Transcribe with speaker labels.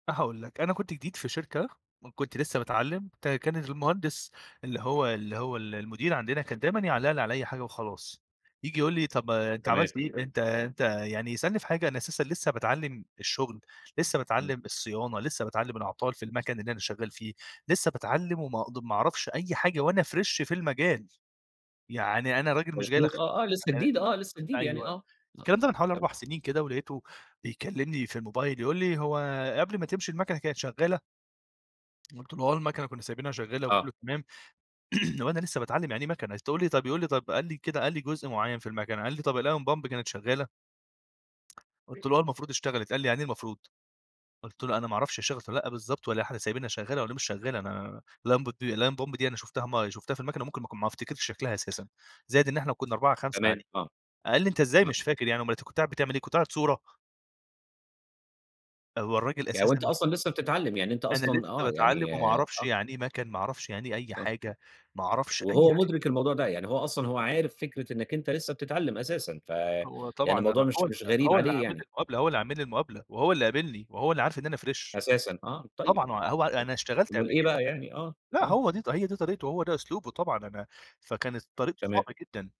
Speaker 1: أنا هاقول لك، أنا كنت جديد في شركة، وكنت لسه باتعلّم ت كان المهندس اللي هو اللي هو ال المدير عَندنا، كان دايمًا يعلّق لي علي أي حاجة وخلاص، ييجي يقول لي: "طَب ما أنت
Speaker 2: تمام.
Speaker 1: عملت إيه؟ أنت أنت" يعني يسألني في حاجة أنا أساسًا لسه باتعلّم الشغل، لسه
Speaker 2: امم.
Speaker 1: باتعلّم الصيانة، لسه باتعلّم الأعطال في المَكَن اللي أنا شغّال فيه، لسه باتعلّم وما اقد ما أعرفش أي حاجة وأنا Fresh في المجال، يعني أنا راجل مش جاي لك
Speaker 2: مضبوط، آه،
Speaker 1: خِبرة،
Speaker 2: آه، لسه
Speaker 1: أنا
Speaker 2: جديد، آه لسه جديد يعني،
Speaker 1: أيوه
Speaker 2: آه.
Speaker 1: الكلام ده من حوالي
Speaker 2: [unintelligible]
Speaker 1: 4 سنين كده، ولقيته بيكلّمني في الموبايل يقول لي: "هو قبل ما تمشي المَكَنة كانت شغّالة؟" قُلت له: "آه، المكنة كنّا سايبينها شغّالة
Speaker 2: آه.
Speaker 1: وكلّه تمام." وأنا لسه باتعلّم يعني إيه مكنة، تقول لي طَب يقول لي طَب قال لي كده، قال لي جزء معيّن في المكنة، قال لي طَب الAeon pump كانت شغّالة؟
Speaker 2: [unintelligible]
Speaker 1: قلت له: "آه، المفروض اشتغلِت." قال لي: "يعني إيه المفروض؟" قُلت له: "أنا ما أعرَفش هي اشتغلِت والّا لأ بالضبط، والّا إحنا سايبينها شغّالة والّا مش شغّالة أنا الأونبت Aeon pump أنا شُفتها مر لو شُفتها في المكنة ممكن ما اكون ما أفتكرش شكْلها أساسًا زائد إن إحنا كنّا 4، 5
Speaker 2: كمان!
Speaker 1: قاعدين."
Speaker 2: آه.
Speaker 1: قال لي: "أنت إزاي
Speaker 2: [unintelligible]
Speaker 1: مش فاكر يعني؟ أومال أنت كنت قاعد بتعمل إيه؟ كنت قاعد صورة؟" هو الراجل
Speaker 2: يعني وأنت
Speaker 1: أساسًا
Speaker 2: أصلًا لسه بتتعلّم، يعني أنت
Speaker 1: أنا
Speaker 2: أصلًا
Speaker 1: لسه
Speaker 2: آه،
Speaker 1: باتعلّم
Speaker 2: يعني
Speaker 1: وما أعرَفش
Speaker 2: آه.
Speaker 1: يعني إيه مَكَن، ما أعرَفش يعني إيه أي
Speaker 2: آه.
Speaker 1: حاجة، ما أعرَفش أي
Speaker 2: وهو
Speaker 1: حاجة.
Speaker 2: مدرِك الموضوع ده، يعني هو أصلًا هو عارف فكرة إنك أنت لسه بتتعلّم أساسًا ف
Speaker 1: هو
Speaker 2: يعني
Speaker 1: طبعًا
Speaker 2: الموضوع
Speaker 1: أنا هو
Speaker 2: مش
Speaker 1: ال
Speaker 2: مش غريب
Speaker 1: هو اللي
Speaker 2: عليه
Speaker 1: عامل لي
Speaker 2: يعني.
Speaker 1: المقابلة، هو اللي عامل لي المقابلة، وهو اللي قابِلني وهو اللي عارف إن أنا Fresh
Speaker 2: أساسًا! آه طيب
Speaker 1: طبعًا، هو هو أنا
Speaker 2: أ
Speaker 1: اشتغلت
Speaker 2: أومّال
Speaker 1: قبل
Speaker 2: إيه
Speaker 1: كده.
Speaker 2: بقى يعني آه،
Speaker 1: لا،
Speaker 2: آه.
Speaker 1: هو دي ط هي دي طريقته، هو ده أسلوبه، طبعًا أنا فكانت طريقته
Speaker 2: تمام.
Speaker 1: صعبة جدًا.